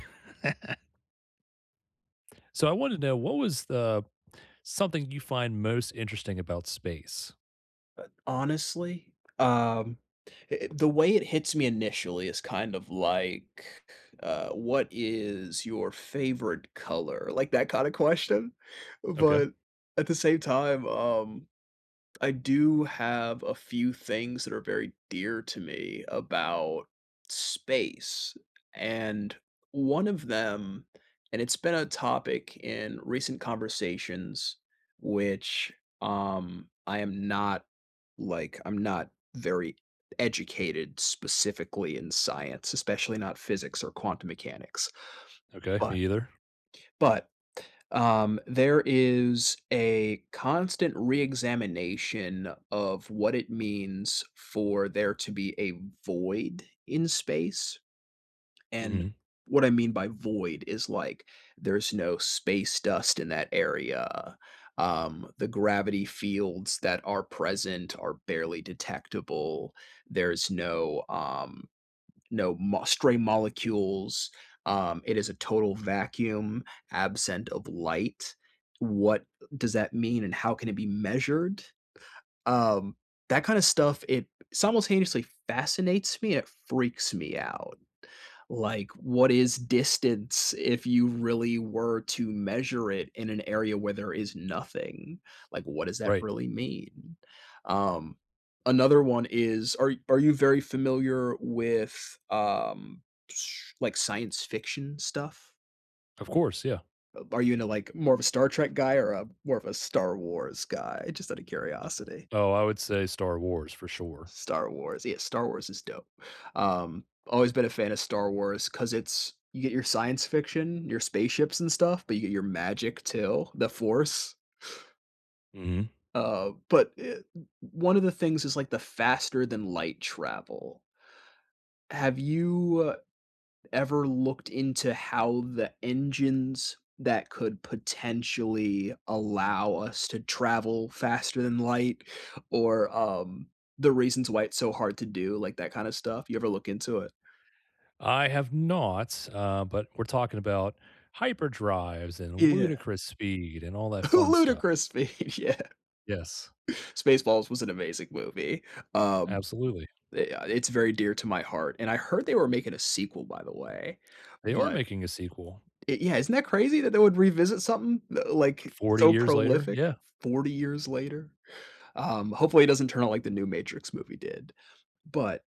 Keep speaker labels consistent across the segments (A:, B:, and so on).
A: So I want to know what was the something you find most interesting about space?
B: Uh, honestly, um, e eh, the way it hits me initially is kind of like, uh, "What is your favorite color?" like, that kinda question,
A: Okay.
B: but, at the same time, um, I do have a few things that are very dear to me about space, and one of them and it's been a topic in recent conversations, which, um, I am not, like, I'm not very educated specifically in science, especially not physics or quantum mechanics,
A: Okay, me
B: but
A: either.
B: but, um, there is a constant re-examination of what it means for there to be a void in space, and
A: Mhm.
B: what I mean by void is, like, there's no space dust in that area. Um, the gravity fields that are present are barely detectable. There's no, um no mo stray molecules. Um, it is a total vacuum absent of light. What does that mean and how can it be measured? Um, that kinda stuff it simultaneously fascinates me, it freaks me out. Like, what is distance if you really were to measure it in an area where there is nothing, like, what does that
A: Right.
B: really mean? Um, another one is are are you very familiar with, um, like, science fiction stuff?
A: Of course, yeah.
B: Uh, are you into, like, more of a Star Trek guy or a more of a Star Wars guy? Just out of
A: Uh
B: curiosity.
A: oh, I would say Star Wars, for sure.
B: Star Wars, yeah Star Wars is dope. Um, always been a fan of Star Wars 'cause it's you get your science fiction, your spaceships and stuff, but you get your magic too, The Force.
A: Mhm.
B: Uh, but, eh, o one of the things is, like, the faster-than-light travel. Have you ever looked into how the engines that could potentially allow us to travel faster than light or um, the reasons why it's so hard to do, like, that kinda stuff? You ever look into it?
A: I have not, uh, but we're talking about hyperdrives
B: Y
A: and
B: yeah.
A: ludicrous speed and all that fun stuff.
B: "Ludicrous speed," yeah.
A: Yes.
B: Spaceballs was an amazing movie. Um,
A: Absolutely.
B: i uh, it's very dear to my heart, and I heard they were making a sequel, by the way,
A: They are
B: but
A: making a sequel.
B: Y yeah, isn't that crazy that they would revisit something, l like,
A: 40
B: so
A: years later?
B: prolific
A: Yeah.
B: 40 years later? Um, hopefully, it doesn't turn out like the new Matrix movie did, but,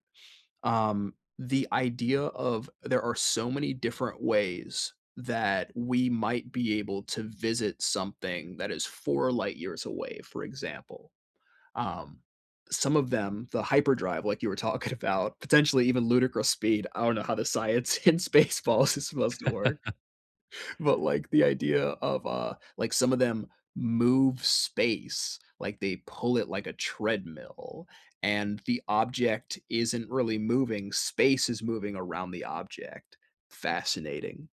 B: um, the idea of there are so many different ways that we might be able to visit something that is 4 light years away, for example. Um, some of them- the hyperdrive, like you were talking about- potentially even "ludicrous speed", I don't know how the science in Spaceballs is supposed to work, but, like, the idea of, uh, like, some of them move space. Like, they pull it like a treadmill, and the object isn't really moving, space is moving around the object. Fascinating,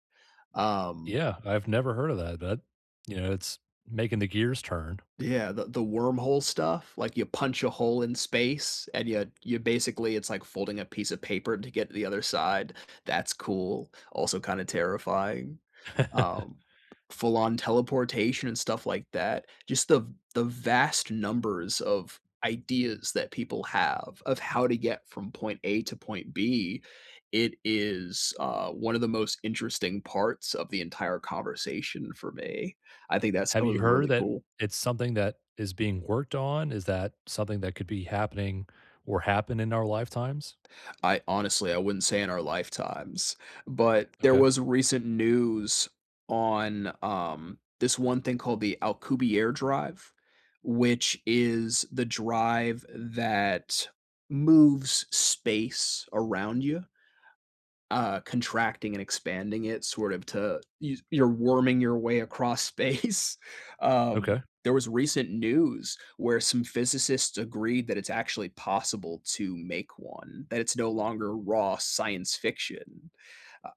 B: um
A: Yeah, I've never heard of that, but, you know, it's making the gears turn.
B: Yeah, the the wormhole stuff, like, you punch a hole in space, and ya you basically it's like folding a piece of paper to get to the other side. That's cool, also kinda terrifying, um full-on teleportation and stuff like that. Just the the vast numbers of ideas that people have of how to get from point A to point B, it is, uh, one of the most interesting parts of the entire conversation for me. I think that
A: Have
B: stuff
A: you
B: was
A: heard
B: really
A: that
B: cool.
A: it's something that is being worked on? Is that something that could be happening or happen in our lifetimes?
B: I, honestly I wouldn't say in our lifetimes, but there
A: Okay.
B: was recent news on, um, this one thing called the Alcubierre drive, which is the drive that moves space around you uh, contracting and expanding it sort of to you you're worming your way across space. Um,
A: Okay.
B: there was recent news where some physicists agreed that it's actually possible to make one, that it's no longer raw science fiction.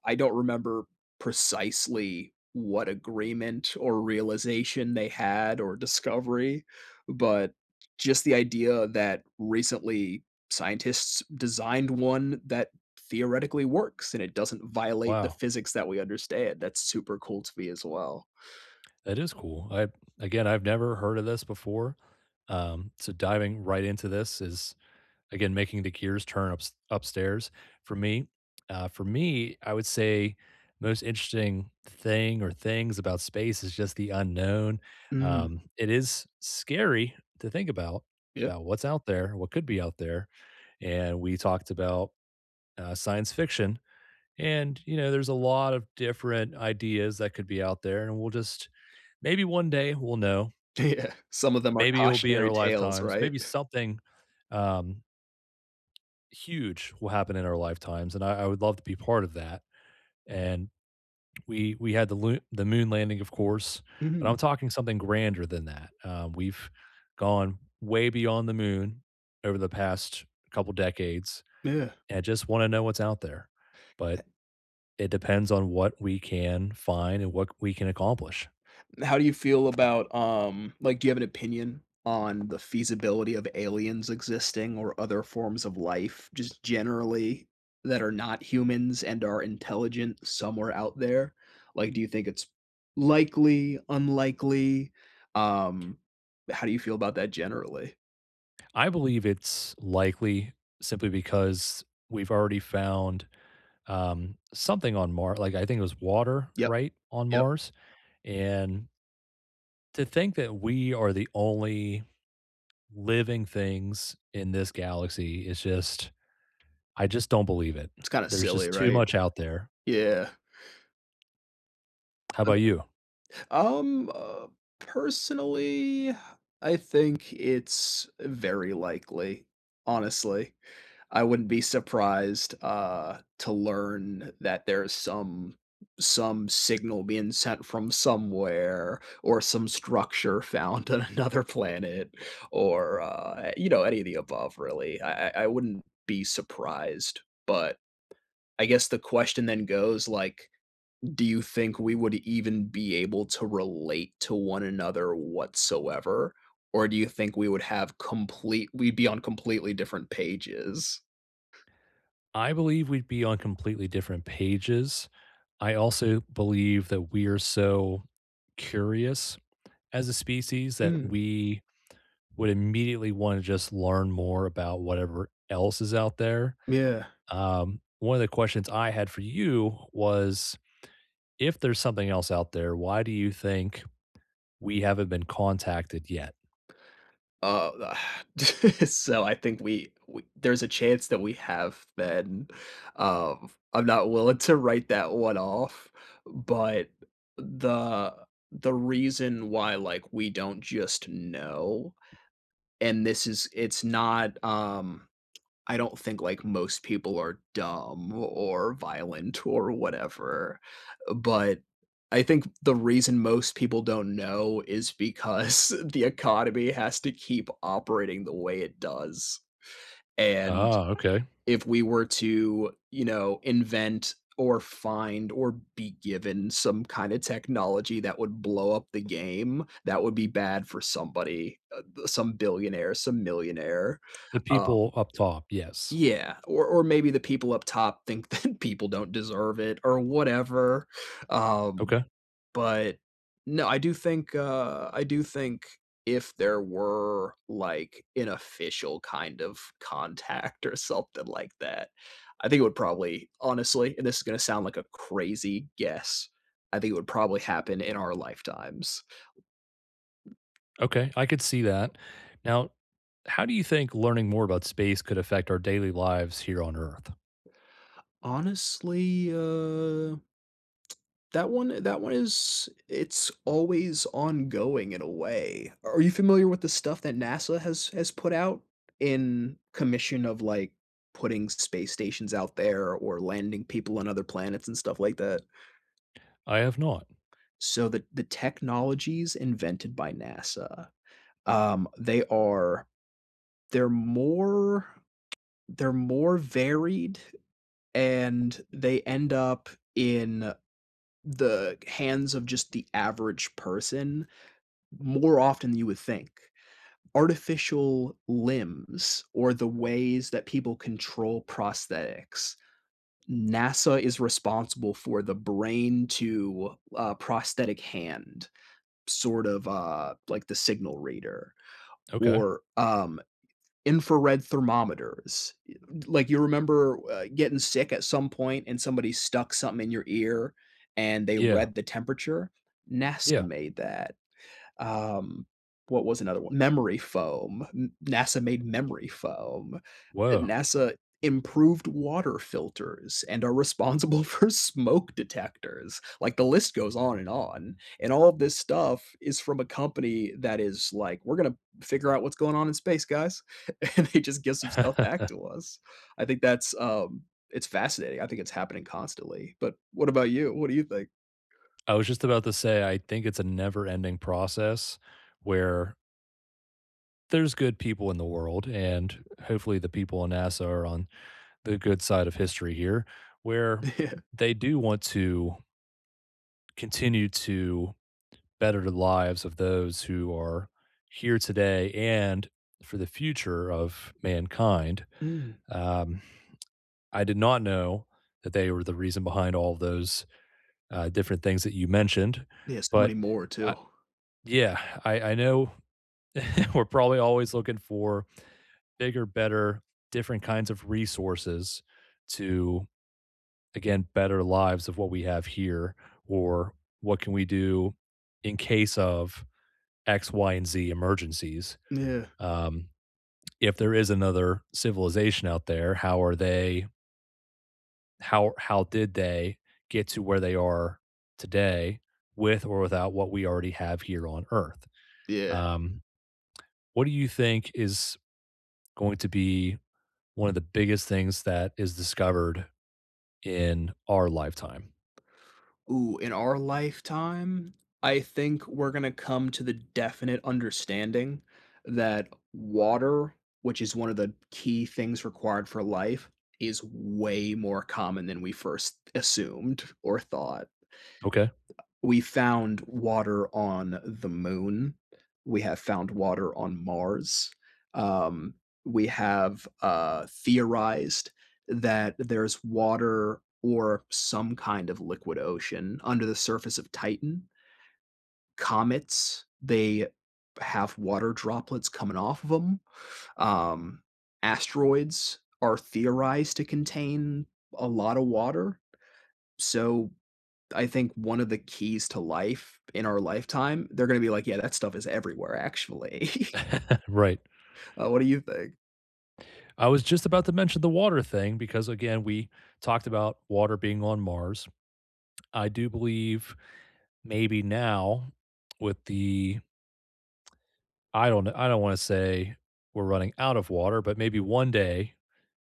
B: I don't remember precisely what agreement or realization they had or discovery, but, just the idea that recently scientists designed one that theoretically works, and it doesn't violate the
A: Wow.
B: physics that we understand, that's super cool to me, as well.
A: That is cool. I've again, I've never heard of this before, um, so diving right into this is, again, making the gears turn ups upstairs for me. Uh, for me, I would say most interesting thing or things about space is just the unknown.
B: Mm.
A: Um, it is scary to think about
B: Yeah.
A: about what's out there, what could be out there, and we talked about, uh, science fiction, and, you know, there's a lot of different ideas that could be out there, and we'll just maybe one day we'll know.
B: Yeah, some of them are
A: Maybe it will be in our
B: cautionary tales,
A: lifetimes.
B: right?
A: Maybe something, um huge will happen in our lifetimes, and I I would love to be part of that, and we we had the loo the moon landing, of course, but
B: Mhm.
A: I'm talking something grander than that. Uh, we've gone way beyond the moon over the past couple decades
B: Yeah.
A: and just wanna know what's out there, but
B: Eh
A: it depends on what we can find and what we can accomplish.
B: And how do you feel about, um like, do you have an opinion on the feasibility of aliens existing or other forms of life just generally, that are not humans and are intelligent somewhere out there? Like, do you think it's likely, unlikely?
A: T
B: Um, how do you feel about that generally?
A: I believe it's likely simply because we've already found, um, something on Mar like, I think it was water,
B: Yup.
A: right, on
B: Yup.
A: Mars? And to think that we are the only living things in this galaxy is just I just don't believe it.
B: It's kinda
A: There's
B: silly,
A: just too
B: right?
A: much out there.
B: Yeah.
A: How
B: Ug
A: 'bout you?
B: Um, uh, personally, I think it's very likely honestly. I wouldn't be surprised, uh, to learn that there's some some signal being sent from somewhere or some structure found on another planet or, uh, you know, any of the above, really. I I I wouldn't be surprised, but, I guess the question then goes, like, do you think we would even be able to relate to one another whatsoever, or do you think we would have complete we'd be on completely different pages?
A: I believe we'd be on completely different pages, I also believe that we are so curious as a species that
B: Mhm.
A: we would immediately wanna just learn more about whatever else is out there.
B: Yeah.
A: Um, one of the questions I had for you was, if there's something else out there, why do you think we haven't been contacted yet?
B: Uh, so, I think we we there's a chance that we have been. Um, I'm not willing to write that one off, but the the reason why, like, we don't just know and this is it's not, um, I don't think, like, most people are dumb or violent or whatever, but I think the reason most people don't know is because the economy has to keep operating the way it does, and
A: Ah, okay.
B: if we were to, you know, invent or find or be given some kinda technology that would blow up the game, that would be bad for somebody, uh, b some billionaire, some millionaire,
A: The
B: um
A: people up top, yes.
B: Yeah, or or maybe the people up top think that people don't deserve it or whatever, um,
A: Okay.
B: but, no, I do think, uh I do think if there were, like, an official kind of contact or something like that, I think it would probably, honestly and this is gonna sound like a crazy guess, I think it would probably happen in our lifetimes.
A: Okay, I could see that. Now, how do you think learning more about space could affect our daily lives here on Earth?
B: Honestly, uh, that one that one is it's always ongoing in a way. Are you familiar with the stuff that NASA has has put out in commission of, like, putting space stations out there or landing people on other planets and stuff like that?
A: I have not.
B: So, the the technologies invented by NASA, um, they are they're more they're more varied, and they end up in the hands of just the average person more often than you would think. Artificial limbs or the ways that people control prosthetics, NASA is responsible for the brain to, uh, prosthetic hand, sort of, uh, like the signal reader,
A: Okay.
B: or, um, infrared thermometers. Eh like, you remember, uh, gettin' sick at some point and somebody stuck somethin' in your ear and they
A: Yeah.
B: read the temperature? NASA
A: Yeah.
B: made that. Um, what was another one? Memory foam, m NASA made memory foam. Uh,
A: Whoa.
B: NASA improved water filters and are responsible for smoke detectors. Like, the list goes on and on. And all this stuff is from a company that is like, "We're gonna figure out what's goin' on in space, guys," and they just give some stuff back to us. I think that's, um it's fascinating, I think it's happening constantly, but what about you? What do you think?
A: I was just about to say I think it's a never-ending process where There's good people in the world, and, hopefully the people on NASA are on the good side of history here, where they do want to continue to better the lives of those who are here today and for the future of mankind.
B: Mm.
A: Um, I did not know that they were the reason behind all those, uh, different things that you mentioned,
B: Yes, so many
A: but,
B: more
A: uh
B: too.
A: Yeah, I I know we're probably always looking for bigger, better, different kinds of resources to, again, better lives of what we have here or what can we do in case of x, y, and z emergencies.
B: Yeah.
A: Um, if there is another civilization out there, how are they how ar how did they get to where they are today with or without what we already have here on Earth?
B: Yeah.
A: Um, what do you think is going to be one of the biggest things that is discovered in our lifetime?
B: Ooh, in our lifetime, I think we're gonna come to the definite understanding that water- which is one of the key things required for life- is way more common than we first assumed or thought.
A: Okay.
B: We found water on the Moon, we have found water on Mars. Um, we have, uh, theorized that there's water or some kind of liquid ocean under the surface of Titan comets, they have water droplets coming off of 'em. Um, asteroids are theorized to contain a lotta water. So, I think one of the keys to life in our lifetime they're gonna be like, "Yeah, that stuff is everywhere, actually."
A: Right.
B: Uh, what do you think?
A: I was just about to mention the water thing because, again, we talked about water being on Mars. I do believe, maybe now, with the I don't kn I don't wanna say we're running out of water, but maybe one day,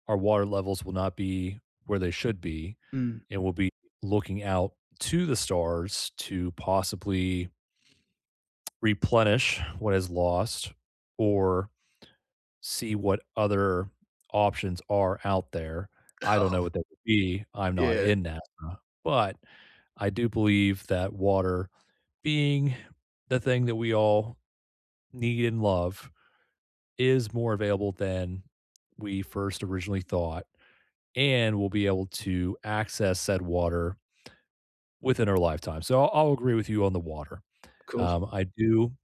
A: our water levels will not be where they should be,
B: Mm.
A: and we'll be looking out to the stars to possibly replenish what is lost, or see what other options are out there. I don't know what that would be. I'm not
B: Yeah.
A: in NASA. But, I do believe that water being the thing that we all need, and love, is more available than we first originally thought, and we'll be able to access that water within our lifetime. So, I'll I'll agree with you on the water.
B: Cool.
A: Um, I do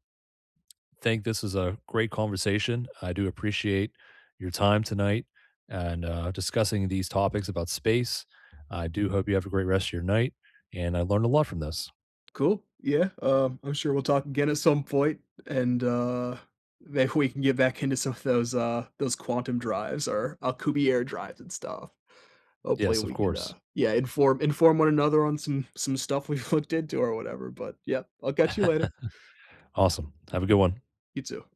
A: think this was a great conversation. I do appreciate your time tonight, and, uh, discussing these topics about space. I do hope you have a great rest of your night, and I learned a lot from this.
B: Cool. Yeah. Um, I'm sure we'll talk again at some point, and, uh, maybe we can get back into some of those, uh, those quantum drives, or Alcubierre drives and stuff. Hopefully,
A: Yes, of
B: we can,
A: course.
B: uh, yeah, inform inform one another on some some stuff we've looked into or whatever. But, yep, I'll catch you later.
A: Awesome. Have a good one.
B: You, too.